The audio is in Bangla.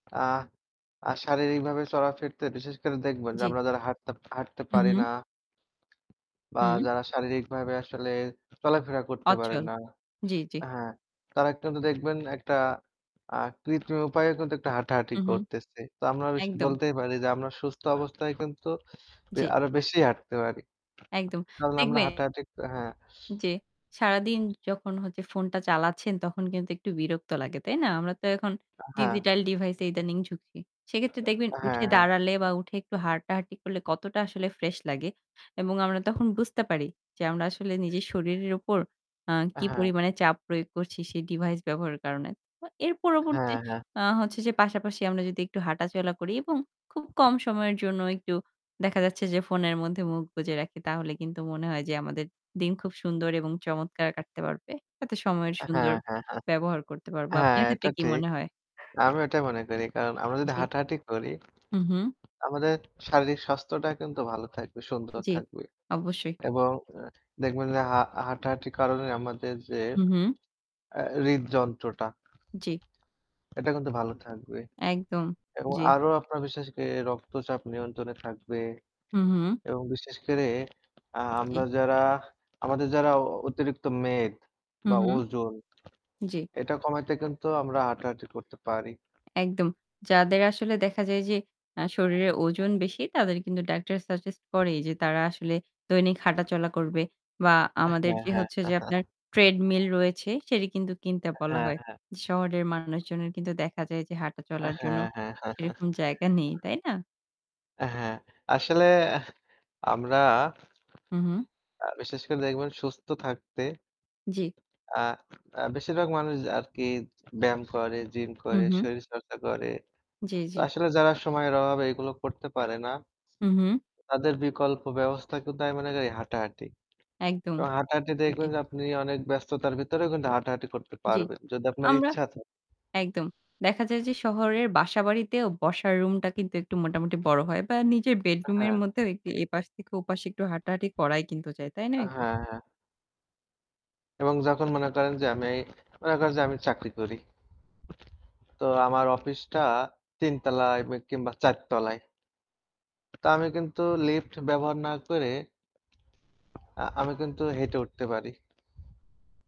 আ আ শারীরিকভাবে চলা ফিরতে বিশেষ করে দেখবেন যে জি। আমরা যারা হাঁটতে হাঁটতে হু, পারি না। হু। বা হুম। যারা শারীরিকভাবে আসলে চলাফেরা করতে পারে অচল, না। জি, জি। এ হ্যাঁ, তারা একটন দেখবেন একটা আ কৃত্রিম উপায়ে কিন্তু একটু হাঁটাহাঁটি হু, হু করতেছে। তো আমরা বেশ একদম। বলতেই পারি যে আমরা সুস্থ অবস্থায় কিন্তু বে জি। আরো বেশি হাঁটতে পারি। একদম কারণ আমরা দেখবে। হাঁটাহাঁটি ক হ্যাঁ। যে সারাদিন যখন হচ্ছে ফোনটা চালাচ্ছেন তখন কিন্তু একটু বিরক্ত লাগে। তাই না? আমরা তো এখন আ হ্যাঁ। ডিজিটাল ডিভাইস ইদানিং ঝুঁকি। সেক্ষেত্রে দেখবেন হ্যাঁ, উঠে হ্যাঁ। দাঁড়ালে বা উঠে একটু হাঁটাহাঁটি করলে কতটা আসলে ফ্রেশ লাগে এবং আমরা তখন বুঝতে পারি যে আমরা আসলে নিজের শরীরের উপর আ আ কি হ্যাঁ। পরিমাণে চাপ প্রয়োগ করছি। সেই ডিভাইস ব্যবহারের কারণে। তো এর পরবর্তী হ্যাঁ, হ্যাঁ। আ হচ্ছে যে পাশাপাশি আমরা যদি একটু হাঁটাচলা করি এবং খুব কম সময়ের জন্য একটু দেখা যাচ্ছে যে ফোনের মধ্যে মুখ বুজে রাখি তাহলে কিন্তু মনে হয় যে আমাদের দিন খুব সুন্দর এবং চমৎকার কাটতে পারবে। তাতে সময়ের আ সুন্দর হ্যাঁ, হ্যাঁ, হ্যাঁ। ব্যবহার করতে পারব। হ্যাঁ, আপনার এটা ক্ষেত্রে কি ঠিক। মনে হয়? আমিও ওটাই মনে করি। কারণ আমরা যদি জি। হাঁটাহাঁটি করি। হু, হু। আমাদের শারীরিক স্বাস্থ্যটা কিন্তু ভালো থাকবে, সুন্দর জি, থাকবে অবশ্যই। এবং আ দেখবেন যে হাঁ হাঁটাহাঁটির কারণে আমাদের যে। হু, হু। আ হৃদযন্ত্রটা। জি। এটা কিন্তু ভালো থাকবে। একদম এবং জি। আরো আপনার বিশেষ করে রক্তচাপ নিয়ন্ত্রণে থাকবে। হু, হু। এবং বিশেষ করে আ আমরা জি। যারা আমাদের যারা অ অতিরিক্ত মেদ হু, বা হু। ওজন। জি। এটা কমাইতে কিন্তু আমরা হাঁটাহাঁটি করতে পারি। একদম। যাদের আসলে দেখা যায় যে আ শরীরের ওজন বেশি তাদের কিন্তু ডাক্তার সাজেস্ট করে যে তারা আসলে দৈনিক হাঁটা চলা করবে। বা আ আমাদের হ্যাঁ, যে হ্যাঁ। হচ্ছে যে আপনার 'treadmill' রয়েছে সেটি কিন্তু কিনতে বলা হ্যাঁ, হয়। হ্যাঁ। শহরের মানুষজনের কিন্তু দেখা যায় যে হাঁটা আ চলার জন্য হ্যাঁ, হ্যাঁ।। সেরকম জায়গা নেই। তাই না? অ্যা হ্যাঁ। আসলে আমরা। হু, হু। আ বিশেষ করে দেখবেন সুস্থ থাকতে। জি। আ আ বেশিরভাগ মানুষ আরকি ব্যায়াম করে, জিম হু, করে, হু। শরীরচর্চা করে। জি, তো জি। আসলে যারা সময়ের অভাবে এগুলো করতে পারে না উহু। তাদের বিকল্প ব্যবস্থা কিন্তু আমি মনে করি হাঁটাহাঁটি। একদম, এবং হাঁটাহাঁটি জি। দেখবেন যে আপনি অনেক ব্যস্ততার ভেতরে হাঁটাহাঁটি করতে জি, পারবেন। যদি আপনার আমরা ইচ্ছা থা একদম। দেখা যায় যে শহরের বাসাবাড়িতেও বসার রুমটা কিন্তু একটু মোটামুটি বড় হয় বা নিজের আ বেডরুম এর হ্যাঁ। মধ্যেও একটু এপাশ থেকে ওপাশে একটু হাঁটাহাঁটি করাই কিন্তু যায়। তাই আ নয় কি? হ্যাঁ, হ্যাঁ। এবং যখন মনে করেন যে আমি মনে করেন যে আমি চাকরি, করি। তো আমার অফিসটা ৩ তলায় কিংবা ৪ তলায়। তো আমি কিন্তু লিফট ব্যবহার না করে আ আমি কিন্তু হেঁটে উঠতে পারি।